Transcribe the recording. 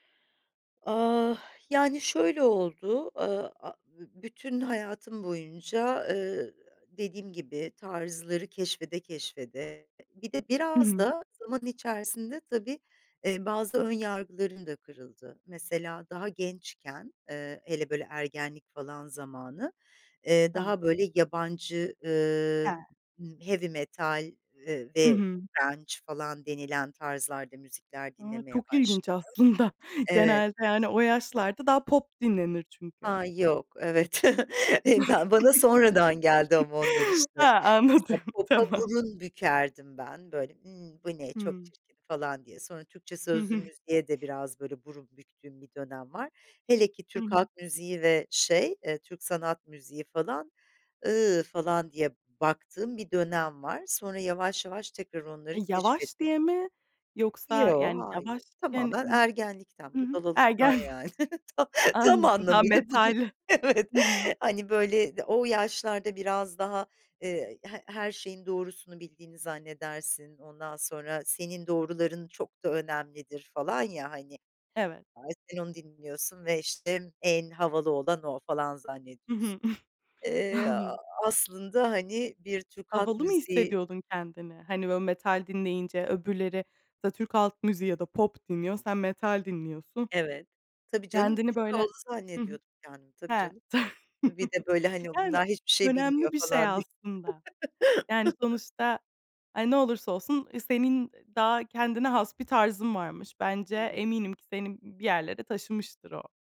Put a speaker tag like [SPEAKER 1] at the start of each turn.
[SPEAKER 1] Ah, yani, şöyle oldu, ııı, aaa, bütün hayatım boyunca, ııı, dediğim gibi tarzları keşfede keşfede bir de
[SPEAKER 2] Hı
[SPEAKER 1] biraz
[SPEAKER 2] hı.
[SPEAKER 1] da zaman içerisinde, tabii, eee, bazı ön yargılarım da kırıldı. Mesela daha gençken, ııı, hele böyle ergenlik falan zamanı, eee, daha,
[SPEAKER 2] Tamam.
[SPEAKER 1] böyle, yabancı, ııı,
[SPEAKER 2] Ha.
[SPEAKER 1] ımm, heavy metal, ııı,
[SPEAKER 2] Hı
[SPEAKER 1] ve
[SPEAKER 2] hı.
[SPEAKER 1] grunge falan denilen tarzlarda müzikler
[SPEAKER 2] A!
[SPEAKER 1] dinlemeye
[SPEAKER 2] Çok ilginç
[SPEAKER 1] başladım.
[SPEAKER 2] aslında.
[SPEAKER 1] Evet.
[SPEAKER 2] Genelde, yani, o yaşlarda daha pop dinlenir çünkü.
[SPEAKER 1] Ha, yok. Evet, eee, ben bana sonradan geldi ama onlar, işte.
[SPEAKER 2] Ha, anladım.
[SPEAKER 1] Mesela popa
[SPEAKER 2] Tamam.
[SPEAKER 1] burun bükerdim ben. Böyle, ımm, "Bu ne! Çok
[SPEAKER 2] Hıı.
[SPEAKER 1] çirkin!" falan diye. Sonra Türkçe
[SPEAKER 2] Hı
[SPEAKER 1] sözlü
[SPEAKER 2] hı.
[SPEAKER 1] müziğe de biraz, böyle, burun büktüğüm bir dönem var. Hele ki
[SPEAKER 2] Hı
[SPEAKER 1] Türk
[SPEAKER 2] hı.
[SPEAKER 1] halk müziği ve şey, eee, Türk sanat müziği falan ı falan diye baktığım bir dönem var. Sonra yavaş yavaş tekrar onları
[SPEAKER 2] Yavaş
[SPEAKER 1] keşfetmeye
[SPEAKER 2] diye mi? Yoksa,
[SPEAKER 1] Yo,
[SPEAKER 2] yani,
[SPEAKER 1] hayır.
[SPEAKER 2] yavaşken
[SPEAKER 1] Tamamen
[SPEAKER 2] n Hı
[SPEAKER 1] ergenlikten,
[SPEAKER 2] hı.
[SPEAKER 1] budalalıktan
[SPEAKER 2] Ergenlik.
[SPEAKER 1] yani. Ta tam
[SPEAKER 2] Anladım, ha,
[SPEAKER 1] anlamıyla budur,
[SPEAKER 2] metal.
[SPEAKER 1] evet.
[SPEAKER 2] Hı hı.
[SPEAKER 1] Hani, böyle, d o yaşlarda biraz daha, ııı, he her şeyin doğrusunu bildiğini zannedersin, ondan sonra senin doğruların çok da önemlidir falan ya hani.
[SPEAKER 2] Evet.
[SPEAKER 1] A, sen onu dinliyorsun ve, işte, en havalı olan o falan
[SPEAKER 2] Hı hı.
[SPEAKER 1] zannediyorsun. Eee,
[SPEAKER 2] Anl
[SPEAKER 1] aslında, hani, bir Türk halk
[SPEAKER 2] Havalı mı
[SPEAKER 1] müziği.
[SPEAKER 2] hissediyordun kendini? Hani, böyle metal dinleyince öbürleri, [unintelligible] Türk Halk MüziğI ya da pop dinliyor, sen metal dinliyorsun.
[SPEAKER 1] Evet, tabii, canım.
[SPEAKER 2] Kendini
[SPEAKER 1] Çok
[SPEAKER 2] böyle
[SPEAKER 1] havalı
[SPEAKER 2] Hı hı.
[SPEAKER 1] zannediyordum kendimi. Tabii,
[SPEAKER 2] Ha,
[SPEAKER 1] canım.
[SPEAKER 2] ta
[SPEAKER 1] Bir de böyle hani
[SPEAKER 2] Yani,
[SPEAKER 1] bunlar hiçbir şey bilmiyor
[SPEAKER 2] önemli bir şey
[SPEAKER 1] falan diye.
[SPEAKER 2] aslında. Yani, sonuçta e, ne olursa olsun senin daha kendine has bir tarzın varmış. Bence
[SPEAKER 1] [unintelligible]
[SPEAKER 2] eminim ki seni bir yerlere taşımıştır o.